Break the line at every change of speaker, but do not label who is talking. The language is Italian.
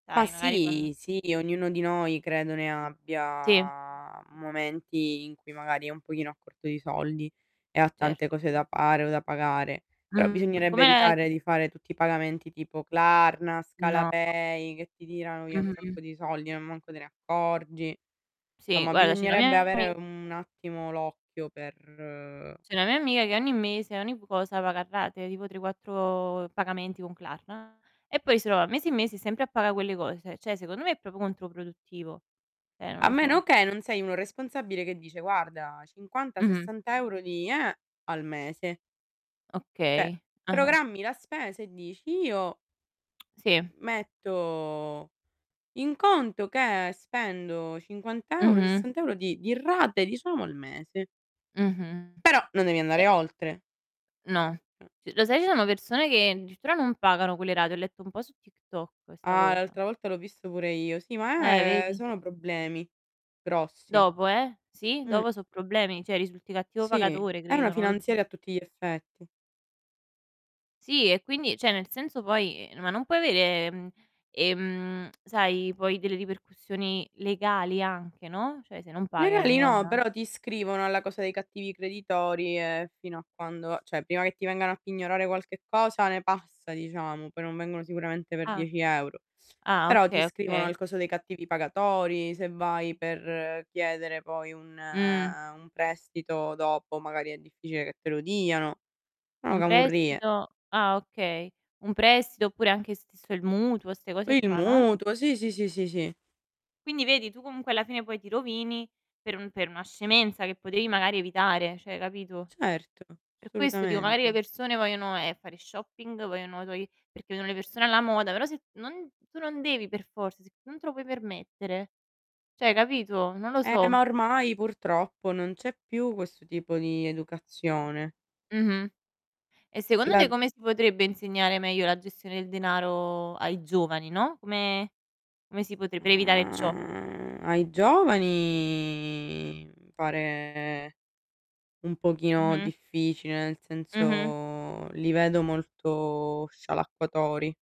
Ma
Dai, magari con
sì, sì, ognuno di noi credo ne
Sì.
abbia momenti in cui magari è un pochino a corto di soldi e ha tante
Certo.
cose da fare o da pagare; però
Mh,
bisognerebbe
come
evitare di fare tutti i pagamenti tipo Klarna,
No.
Scalapay che ti tirano via un
Mh-mh.
sacco di soldi, non manco te ne accorgi.
Sì,
Somma
guarda c'è una
bisognerebbe
mia
avere
ami
un attimo l'occhio per
c'è una mia amica che ogni mese ogni vu cosa paga a rate, tipo 3, 4 pagamenti con Klarna e poi si trova mesi e mesi sempre a pagà quelle cose, cioè, secondo me, me è proprio contro produttivo. Eh, non
A
lo
meno
so.
che non sei un irresponsabile che dice: "Guarda, cinquanta
Mh-mh.
sessanta euro di eh, al mese". Cioè
Okay, ah-ah.
programmi la spesa e dici: "Io"
Sì.
"metto in conto che spendo 50€,
Mh-mh.
60€ di di rate diciamo al mese".
Mh-mh.
Però non devi
Eh
andare oltre.
No.
Eh.
C lo sai ci sono persone che addirittura non pagano quelle rate. Ho letto un po' su TikTok questa
Ah,
cosa.
l'altra volta l'ho visto pure io. Sì, ma,
Eh,
ehm,
vedi?
sono problemi grossi.
Dopo, eh. Sì,
Mh.
dopo so' problemi, cioè risulti cattivo
Sì,
pagatore,
è una
credo, non lo so.
finanziaria a tutti gli effetti.
Sì e quindi cioè nel senso poi ehm, ma non puoi avere, mhmm, ehm, sai poi delle ripercussioni legali anche, no, cioè se non paghi a
Legali
lungo
no,
anda
però ti iscrivono alla cosa dei cattivi creditori e fino a quando cioè prima che ti vengano a pignorare qualche cosa ne passa, diciamo, poi non vengono sicuramente per
Ah.
10 €.
Ah,
Però ti
oka
iscrivono
okay.
al coso dei cattivi pagatori, se vai per chiedere poi un
Mh.
un prestito dopo magari è difficile che te lo diano. Sono
Un
camurrie.
prestito ah, okay. Un prestito oppure anche stesso il mutuo, ste cose
Il
qua, no?
mutuo, sì, sì, sì, sì, sì.
Quindi vedi tu comunque, alla fine, poi ti rovini per un per una scemenza che potevi magari evitare, cioè, capito.
Certo,
Per questo dico magari le
assolutamente.
persone vogliono, ehm, fare shopping, vogliono [unintelligible] perché vedono le persone alla moda, però se t non tu non devi per forza, se tu non te lo puoi permettere cioè, capito. Non lo
Eh,
so.
ma, ormai, purtroppo, non c'è più questo tipo di educazione.
Mh-mh. E secondo te
Lad
come si potrebbe insegnare meglio la gestione del denaro ai giovani, no; come come si potre per evitare ciò?
Ai giovani pare un pochino
Mh-mh.
difficile, nel
Mh-mh.
senso li vedo molto scialacquatori.